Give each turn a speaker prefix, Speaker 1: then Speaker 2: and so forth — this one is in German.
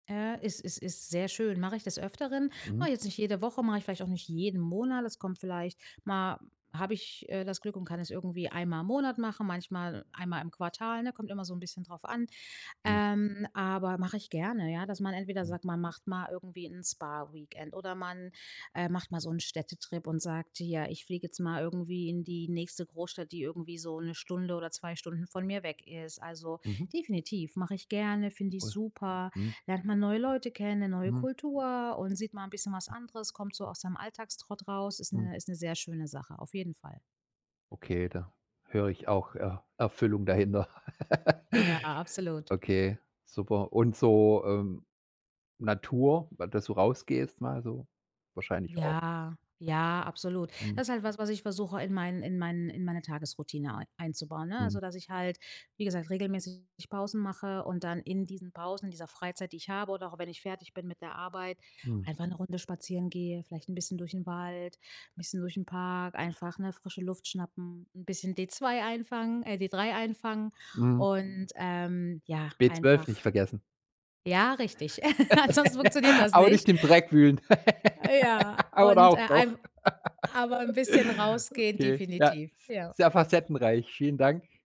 Speaker 1: Ja, es es ist sehr schön. Mache ich des Öfteren.
Speaker 2: Mhm.
Speaker 1: Mache ich jetzt nicht jede Woche, mache ich vielleicht auch nicht jeden Monat. Es kommt vielleicht mal habe ich, äh, das Glück und kann es irgendwie einmal im Monat machen, manchmal einmal im Quartal, ne, kommt immer so 'n bisschen drauf an.
Speaker 2: Hm.
Speaker 1: Ähm, aber mache ich gerne, ja, dass man entweder
Speaker 2: Hm.
Speaker 1: sagt, man macht mal irgendwie 'n Spa-Weekend oder man, äh, macht mal so 'n Städtetrip und sagt: „Ja, ich fliege jetzt mal irgendwie in die nächste Großstadt, die irgendwie so 1 Stunde oder 2 Stunden von mir weg ist.“ Also,
Speaker 2: Mhm.
Speaker 1: definitiv, mache ich gerne, finde ich
Speaker 2: Ui,
Speaker 1: super,
Speaker 2: mhm.
Speaker 1: lernt man neue Leute kennen, 'ne neue
Speaker 2: Mhm.
Speaker 1: Kultur und sieht mal 'n bisschen was
Speaker 2: Hm.
Speaker 1: anderes, kommt so aus seinem Alltagstrott raus. Ist
Speaker 2: Mhm.
Speaker 1: 'ne ist 'ne sehr schöne Sache, auf jeden Fall.
Speaker 2: Okay, da höre ich auch Er Erfüllung dahinter.
Speaker 1: Ja, absolut.
Speaker 2: Okay, super. Und so, ähm, Natur, ba dass du rausgehst mal so? Wahrscheinlich auch.
Speaker 1: Ja, ja, absolut.
Speaker 2: Mhm.
Speaker 1: Das halt was, was ich versuche, in meinen in meinen in meine Tagesroutine ei einzubauen, ne, also,
Speaker 2: Mhm.
Speaker 1: dass ich halt, wie gesagt, regelmäßig Pausen mache und dann in diesen Pausen, in dieser Freizeit, die ich habe oder auch wenn ich fertig bin mit der Arbeit,
Speaker 2: Mhm.
Speaker 1: einfach 'ne Runde spazieren gehe, vielleicht 'n bisschen durch den Wald, bisschen durch 'n Park, einfach, ne, frische Luft schnappen, 'n bisschen D 2 einfangen äh, D 3 einfangen
Speaker 2: Mhm.
Speaker 1: und, ähm, ja,
Speaker 2: B 12
Speaker 1: einfach
Speaker 2: nicht vergessen.
Speaker 1: Ja, richtig, ansonsten funktioniert das
Speaker 2: Aber
Speaker 1: nicht.
Speaker 2: nicht im Dreck wühlen.
Speaker 1: Ja,
Speaker 2: Oder
Speaker 1: und, äh,
Speaker 2: auch doch.
Speaker 1: ein aber 'n bisschen rausgehen
Speaker 2: Okay, ja,
Speaker 1: definitiv, ja.
Speaker 2: ist sehr facettenreich. Vielen Dank.